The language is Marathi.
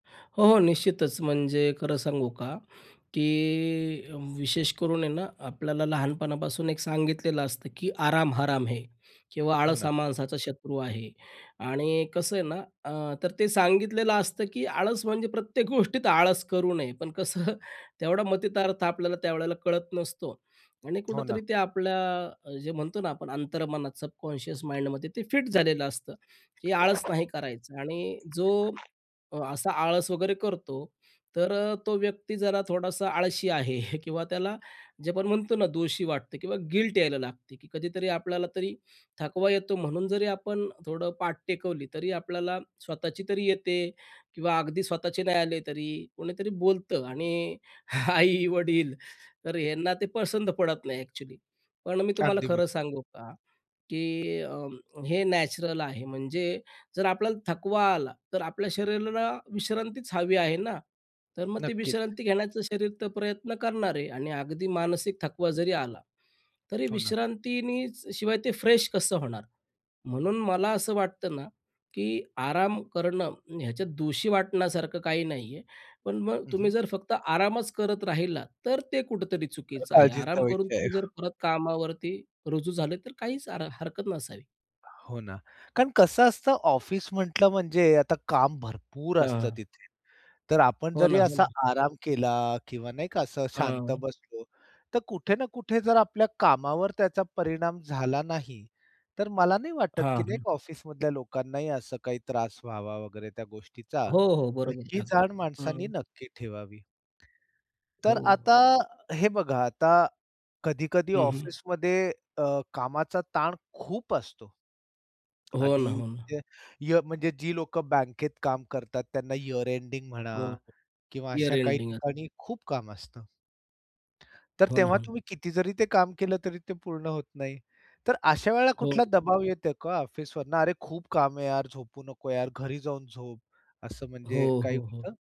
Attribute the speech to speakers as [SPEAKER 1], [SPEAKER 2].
[SPEAKER 1] हो, हो निश्चितच म्हणजे खरं सांगू का, की विशेष करून आहे ना आपल्याला लहानपणापासून एक सांगितलेलं असतं की "आराम हराम है." किंवा
[SPEAKER 2] हो
[SPEAKER 1] "आळसा
[SPEAKER 2] ना.
[SPEAKER 1] हा माणसाचा शत्रू आहे." आणि कसं आहे ना अ, तर ते सांगितलेलं असतं की आळस म्हणजे प्रत्येक गोष्टीत आळस करू नये. पण कसं तेवढा मतितार्थ आपल्याला त्यावेळेला कळत नसतो. आणि
[SPEAKER 2] हो ना.
[SPEAKER 1] कुठेतरी ते आपल्या अ, जे म्हणतो ना आपण अंतर्मनात सबकॉन्शियस माइंडमध्ये ते फिट झालेलं असतं. हे आळस नाही करायचं आणि जो असा आळस वगैरे करतो तर अ, तो व्यक्ती जरा थोडासा आळशी आहे. किंवा त्याला जे आपण म्हणतो ना दोषी वाटते किंवा गिल्ट यायला लागते की कधीतरी आपल्याला तरी थकवा येतो म्हणून जरी आपण थोडं पाठ टेकवली तरी आपल्याला स्वतःची तरी येते किंवा अगदी स्वतःचे नाही आले तरी कोणीतरी बोलतं आणि आई-वडील तर ह्यांना ते पसंत पडत नाही एक्चुअली. पण मी तुम्हाला
[SPEAKER 2] अगदी ब
[SPEAKER 1] खरं सांगू का, की अ, हे नॅचरल आहे म्हणजे जर आपल्याला थकवा आला तर आपल्या शरीराला विश्रांतीच हवी आहे ना, तर मग ते
[SPEAKER 2] नक्कीच.
[SPEAKER 1] विश्रांती घेण्याचा शरीर तर प्रयत्न करणार आहे आणि अगदी मानसिक थकवा जरी आला, तरी
[SPEAKER 2] हो ना.
[SPEAKER 1] विश्रांतीनीचं शिवाय ते फ्रेश कसं होणार म्हणून मला असं वाटतं ना की आराम करणं ह्याच्यात दोषी वाटण्यासारखं काही नाहीये. पण मग
[SPEAKER 2] हं, हं.
[SPEAKER 1] तुम्ही जर फक्त आरामच करत राहिलात तर ते कुठेतरी
[SPEAKER 2] तर
[SPEAKER 1] चुकीचं आहे.
[SPEAKER 2] काळजीचा
[SPEAKER 1] आराम करून
[SPEAKER 2] विषय आहे.
[SPEAKER 1] तुम्ही जर परत कामावरती रुजू झाले तर काहीच अर हरकत नसावी.
[SPEAKER 2] हो ना. कारण कसं असतं ऑफिस म्हटलं म्हणजे आता काम भरपूर असतं
[SPEAKER 1] हां.
[SPEAKER 2] तिथे. तर आपण
[SPEAKER 1] हो
[SPEAKER 2] जरी
[SPEAKER 1] ना हो
[SPEAKER 2] असा
[SPEAKER 1] ना.
[SPEAKER 2] आराम केला किंवा नाही का असं शांत
[SPEAKER 1] हां.
[SPEAKER 2] बसलो तर कुठे ना कुठे जर आपल्या कामावर त्याचा परिणाम झाला नाही तर मला नाही वाटत, की
[SPEAKER 1] हां,
[SPEAKER 2] नाही
[SPEAKER 1] हं.
[SPEAKER 2] का ऑफिसमधल्या लोकांनाही असं काही त्रास व्हावा वगैरे त्या गोष्टीचा
[SPEAKER 1] हो, हो
[SPEAKER 2] तर
[SPEAKER 1] बरोबर
[SPEAKER 2] ही
[SPEAKER 1] टाकते.
[SPEAKER 2] जाण माणसाने
[SPEAKER 1] हं.
[SPEAKER 2] नक्की ठेवावी.
[SPEAKER 1] हो.
[SPEAKER 2] तर आता हे बघा आता कधी-कधी
[SPEAKER 1] हं, हं.
[SPEAKER 2] ऑफिसमध्ये अ, कामाचा ताण खूप असतो.
[SPEAKER 1] हो ना,
[SPEAKER 2] आधी
[SPEAKER 1] हो ना.
[SPEAKER 2] म्हणजे [unintelligible] जी लोकं बँकेत काम करतात त्यांना यिअर एंडिंग म्हणा
[SPEAKER 1] हो, हो
[SPEAKER 2] किंवा
[SPEAKER 1] यिअर
[SPEAKER 2] अशा काही
[SPEAKER 1] एंडिंग असतं.
[SPEAKER 2] ठिकाणी खूप काम असतं. तर
[SPEAKER 1] हो ना
[SPEAKER 2] तेव्हा
[SPEAKER 1] हो.
[SPEAKER 2] तुम्ही किती जरी ते काम केलं तरी ते पूर्ण होत नाही. तर अशा वेळेला
[SPEAKER 1] हो,
[SPEAKER 2] कुठला
[SPEAKER 1] हो.
[SPEAKER 2] दबाव येतो का ऑफिसवरन अरे खूप काम आहे यार झोपू नको यार घरी जाऊन झोप असं म्हणजे
[SPEAKER 1] हो,
[SPEAKER 2] काही
[SPEAKER 1] हो, हो.
[SPEAKER 2] होतं?